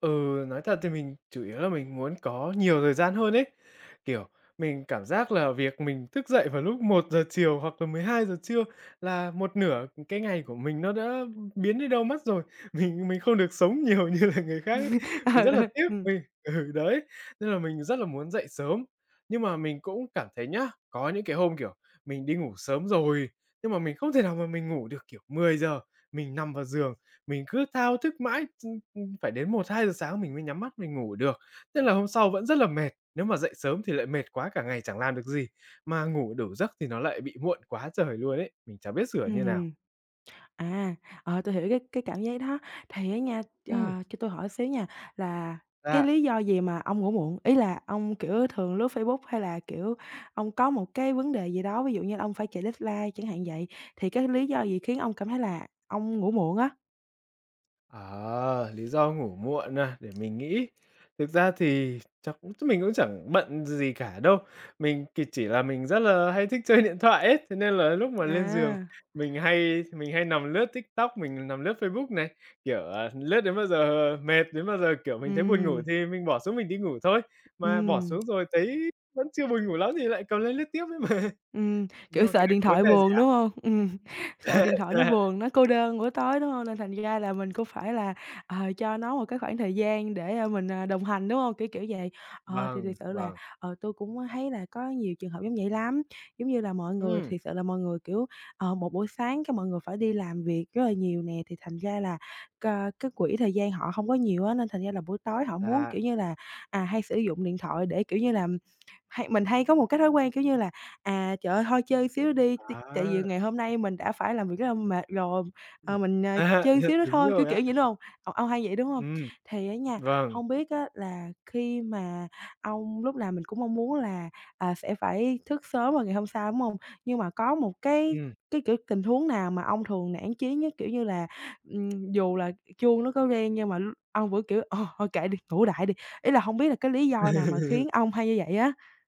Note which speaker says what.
Speaker 1: Ừ, nói thật thì mình chủ yếu là mình muốn có nhiều thời gian hơn ấy. Kiểu, mình cảm giác là việc mình thức dậy vào lúc 1:00 chiều hoặc là 12:00 trưa là một nửa cái ngày của mình nó đã biến đi đâu mất rồi. Mình mình không được sống nhiều như là người khác ấy.
Speaker 2: Ừ,
Speaker 1: Mình rất là
Speaker 2: ừ,
Speaker 1: tiếc
Speaker 2: ừm.
Speaker 1: vì ừ, đấy, nên là mình rất là muốn dậy sớm. Nhưng mà mình cũng cảm thấy nhá, có những cái hôm, kiểu, mình đi ngủ sớm rồi, nhưng mà mình không thể nào mà mình ngủ được. Kiểu, 10:00 mình nằm vào giường, mình cứ thao thức mãi ch ưm, phải đến 1:00-2:00 sáng mình mới nhắm mắt mình ngủ được. Tức là hôm sau vẫn rất là mệt, nếu mà dậy sớm thì lại mệt quá, cả ngày chẳng làm được gì. Mà ngủ đủ giấc thì nó lại bị muộn quá trời luôn ấy. Mình chẳng biết sửa như nào.
Speaker 2: Ừm. À, ờ, tôi hiểu cái cái cảm giác đó. Thì á nha,
Speaker 1: Ừm.
Speaker 2: ờ, cho tôi hỏi xíu nha là cái
Speaker 1: Dạ.
Speaker 2: lý do gì mà ông ngủ muộn? Ý là ông, kiểu, thường lướt Facebook hay là, kiểu, ông có một cái vấn đề gì đó, ví dụ như là ông phải chạy deadline chẳng hạn vậy, thì cái lý do gì khiến ông cảm thấy là ông ngủ muộn á?
Speaker 1: Ờ, lý do ngủ muộn à? Để mình nghĩ. Thực ra thì chắc cũng mình cũng chẳng bận gì cả đâu. Mình thì chỉ là mình rất là hay thích chơi điện thoại ấy, thế nên là lúc mà lên giường
Speaker 2: À!
Speaker 1: mình hay mình hay nằm lướt TikTok, mình nằm lướt Facebook này. Kiểu, à, lướt đến bao giờ mệt, đến bao giờ kiểu mình thấy buồn ngủ
Speaker 2: Ừm.
Speaker 1: thì mình bỏ xuống mình đi ngủ thôi. Mà bỏ
Speaker 2: Ừm.
Speaker 1: xuống rồi thấy vẫn chưa buồn ngủ lắm thì lại cầm lên lướt tiếp ấy mà.
Speaker 2: Ừm,
Speaker 1: Nhưng
Speaker 2: kiểu,
Speaker 1: mà cái
Speaker 2: sợ
Speaker 1: đấy
Speaker 2: điện
Speaker 1: có vấn
Speaker 2: thoại
Speaker 1: đề gì
Speaker 2: buồn,
Speaker 1: ạ?
Speaker 2: đúng hông? Ừm, sợ điện thoại nó
Speaker 1: Dạ.
Speaker 2: buồn, nó cô đơn buổi tối, đúng hông? Nên thành ra là mình cũng phải là, ờ, cho nó một cái khoảng thời gian để, a, mình, à, đồng hành, đúng hông? Kiểu, kiểu vậy. Ờ, thì
Speaker 1: Vâng,
Speaker 2: thiệt sự là,
Speaker 1: vâng.
Speaker 2: ờ, tôi cũng có thấy là có nhiều trường hợp giống vậy lắm. Giống như là mọi người
Speaker 1: Ừm.
Speaker 2: thiệt sự là mọi người, kiểu, ờ, một buổi sáng cái mọi người phải đi làm việc rất là nhiều nè, thì thành ra là, cờ, cái quỹ thời gian họ không có nhiều á, nên thành ra là buổi tối họ muốn,
Speaker 1: Dạ.
Speaker 2: kiểu như là, à, hay sử dụng điện thoại để, kiểu như là, hay mình hay có một cái thói quen, kiểu như là, à, "Trời ơi, thôi chơi xíu nữa đi, ti tại vì
Speaker 1: À!
Speaker 2: ngày hôm nay mình đã phải làm việc rất là mệt rồi, ờ, mình, ờ,
Speaker 1: À,
Speaker 2: chơi xíu nữa
Speaker 1: đúng
Speaker 2: thôi." Kiểu,
Speaker 1: rồi ạ.
Speaker 2: kiểu vậy, đúng hông? Ô ông hay vậy, đúng hông?
Speaker 1: Ừm,
Speaker 2: Thì á nha,
Speaker 1: vâng.
Speaker 2: hông biết á là khi mà ông lúc nào mình cũng mong muốn là, à, sẽ phải thức sớm vào ngày hôm sau, đúng hông? Nhưng mà có một cái
Speaker 1: Ừm.
Speaker 2: cái kiểu tình huống nào mà ông thường nản chí nhất? Kiểu như là, ừm, dù là chuông nó có reng nhưng mà l ông vẫn kiểu: "Ờ, thôi kệ đi, ngủ đại đi." Ý là hông biết là cái lý do nào mà khiến ông hay như vậy á?